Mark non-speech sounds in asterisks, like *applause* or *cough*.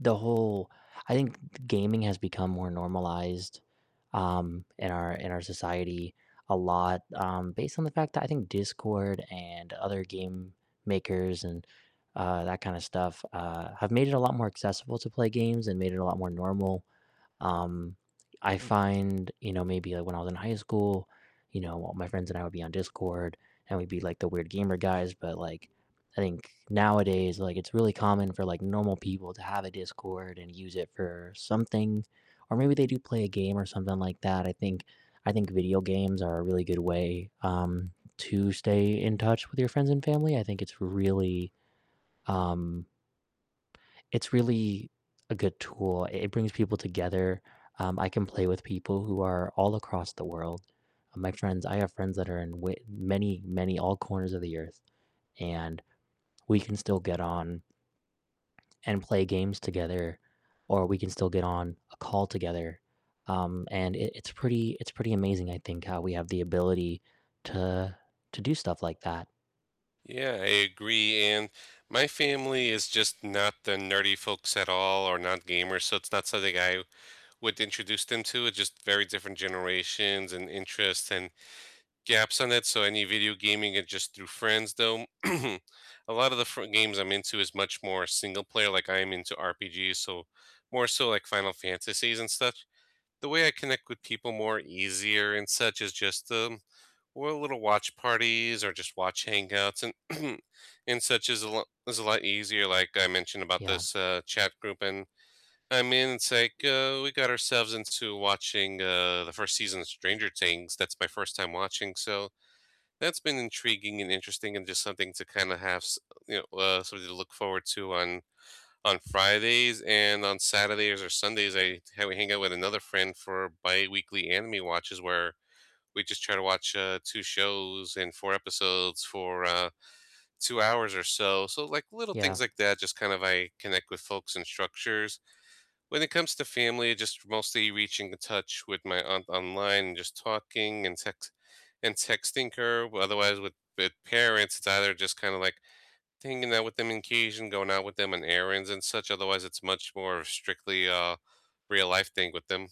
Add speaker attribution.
Speaker 1: The whole I think g g gaming has become more normalized, um, in our in our society a lot, um, based on the fact that I think Discord, and other game makers, and, uh, that kind of stuff, uh, have made it a lot more accessible to play games, and made it a lot more normal, um, I find you know, maybe, like, when I was in high school, you know, all my friends and I would be on Discord, and we'd be like the weird gamer guys, but, like, I think nowadays, like, it's really common for, like, normal people to have a Discord, and use it for something, or maybe they do play a game, or something like that. I think I think video games are a really good way, um, to stay in touch with your friends and family, I think it's really, um It's really a good tool, i it brings people together, um, I can play with people who are all across the world. My friends I have friends that are in w many, many all corners of the Earth, and we can still get on and play games together, or we can still get on a call together, um, and it it's pretty it's pretty amazing, I think, how we have the ability to to do stuff like that.
Speaker 2: Yeah, I agree, and my family is just not the nerdy folks at all, or not gamers, so, it's not something I would introduce them to, it's just very different generations, and interests, and gaps in it, so any video gaming is just through friends though. *clears throat* A lot of the fr games I'm into is much more single-player, like, I am into RPGs, so more, so, like, Final Fantasies and stuff. The way I connect with people more easier and such is just, um we'll little watch parties, or just watch hangouts and *clears throat* and such is a l is a lot easier, like I mentioned about
Speaker 1: Yeah.
Speaker 2: this, uh, chat group, and I mean, it's like, uh, we got ourselves into watching, uh, the 1st season of Stranger Things. That's my first time watching, so, that's been intriguing, and interesting, and just something to kinda have s you know, uh, something to look forward to on on Fridays, and on Saturdays, or Sundays, I ha we hang out with another friend for biweekly anime watches where we just try to watch, uh, 2 shows and 4 episodes for, uh, 2 hours or so, so, like, little things
Speaker 1: Yeah.
Speaker 2: like that, just kind of I connect with folks in structures. When it comes to family, just mostly reaching to touch with my aunt online, and just talking and text and texting her, otherwise with with parents, it's either just kinda, like, hanging out with them on occasion, going out with them on errands and such, otherwise, it's much more strictly a real life thing with them.